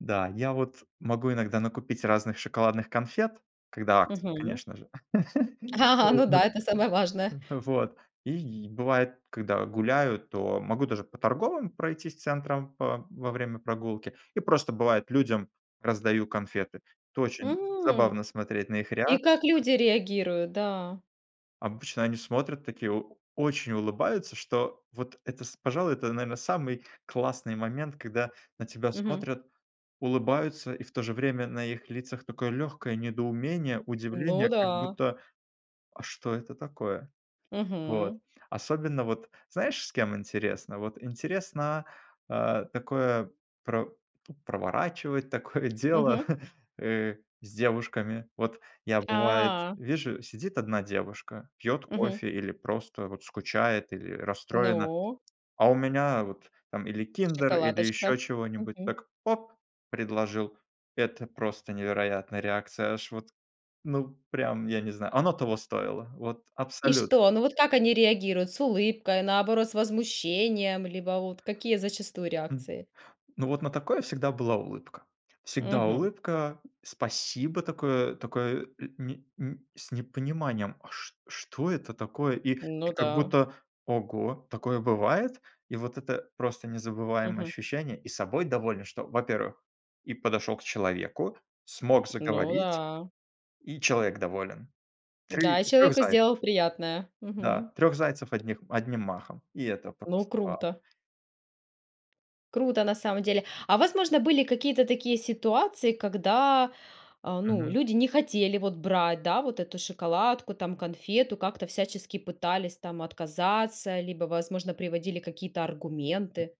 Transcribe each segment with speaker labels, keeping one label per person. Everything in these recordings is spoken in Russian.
Speaker 1: Да, я вот могу иногда накупить разных шоколадных конфет, когда акция,
Speaker 2: Мгм.
Speaker 1: конечно же.
Speaker 2: Ага ага,
Speaker 1: Вот,
Speaker 2: ну да, это самое важное.
Speaker 1: вот. И бывает, когда гуляю, то могу даже по торговым пройтись центрам по во время прогулки. И просто бывает, людям раздаю конфеты. Это очень
Speaker 2: М.
Speaker 1: забавно смотреть на их
Speaker 2: И
Speaker 1: реакцию.
Speaker 2: как люди реагируют, да.
Speaker 1: Обычно они смотрят такие, о очень улыбаются, что вот это, с пожалуй, это, наверно, самый классный момент, когда на тебя
Speaker 2: Мгм.
Speaker 1: смотрят, улыбаются и в то же время на их лицах такое легкое недоумение,
Speaker 2: Ну
Speaker 1: удивление, как
Speaker 2: да.
Speaker 1: будто: "А что это такое?" Вот,
Speaker 2: Мгм.
Speaker 1: особенно вот знаешь, с кем интересно? Вот интересно, а, такое про проворачивать такое дело,
Speaker 2: Мгм.
Speaker 1: э, с девушками. Вот я бывает,
Speaker 2: А.
Speaker 1: вижу, сидит 1 девушка, пьёт
Speaker 2: Мгм.
Speaker 1: кофе или просто вот скучает, или расстроена.
Speaker 2: Ну.
Speaker 1: А у меня вот там или киндер, или
Speaker 2: Шоколадочка.
Speaker 1: ещё чего-нибудь,
Speaker 2: Мгм.
Speaker 1: так, оп- предложил. Это просто невероятная реакция. Аж вот, ну, прям я не знаю. Оно того стоило, вот
Speaker 2: И
Speaker 1: абсолютно.
Speaker 2: что? Ну вот как они реагируют: с улыбкой, наоборот, с возмущением, либо вот какие зачастую
Speaker 1: М,
Speaker 2: реакции?
Speaker 1: ну вот на такое всегда была улыбка. Всегда
Speaker 2: Мгм.
Speaker 1: улыбка, спасибо такое такое, э, не н с непониманием. А ш что это такое, и
Speaker 2: Ну
Speaker 1: и как
Speaker 2: да.
Speaker 1: будто: "Ого, такое бывает?" И вот это просто незабываемое
Speaker 2: Мгм.
Speaker 1: ощущение. И собой доволен, что, во-первых, и подошёл к человеку, смог
Speaker 2: Ну
Speaker 1: заговорить,
Speaker 2: да.
Speaker 1: и человек доволен. 3-
Speaker 2: Да, и
Speaker 1: 3
Speaker 2: человеку сделал
Speaker 1: зайцев
Speaker 2: приятное.
Speaker 1: Да,
Speaker 2: Мгм.
Speaker 1: 3 зайцев одних одним махом. И это
Speaker 2: Ну,
Speaker 1: просто вау.
Speaker 2: круто. Круто на самом деле. А, возможно, были какие-то такие ситуации, когда, э, ну,
Speaker 1: Мгм.
Speaker 2: люди не хотели вот брать, да, вот эту шоколадку там, конфету, как-то всячески пытались там отказаться, либо, возможно, приводили какие-то
Speaker 1: М.
Speaker 2: аргументы?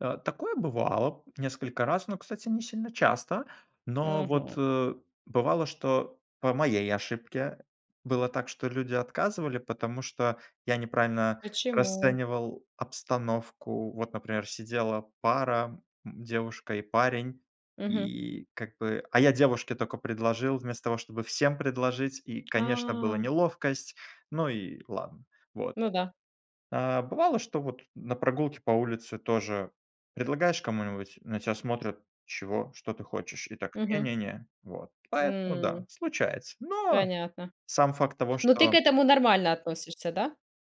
Speaker 1: Э, такое бывало несколько раз, но, кстати, не сильно часто. Но вот,
Speaker 2: Мгм.
Speaker 1: э, бывало, что по моей ошибке было так, что люди отказывали, потому что я неправильно
Speaker 2: Почему?
Speaker 1: расценивал обстановку. Вот, например, сидела пара, м, девушка и парень.
Speaker 2: Мгм.
Speaker 1: И как бы а я девушке тока предложил вместо того, чтобы всем предложить. И, конечно,
Speaker 2: А.
Speaker 1: была неловкость, но и ладно вот.
Speaker 2: Ну да.
Speaker 1: А бывало, что вот на прогулке по улице тоже предлагаешь кому-нибудь, на тя смотрят: "Чего? Что ты хочешь?" И так: "Не
Speaker 2: Мгм.
Speaker 1: не не". Вот. Поэтому да,
Speaker 2: М.
Speaker 1: случается. Но
Speaker 2: Понятно.
Speaker 1: сам факт того,
Speaker 2: Ну ты к
Speaker 1: что
Speaker 2: этому нормально относишься, да?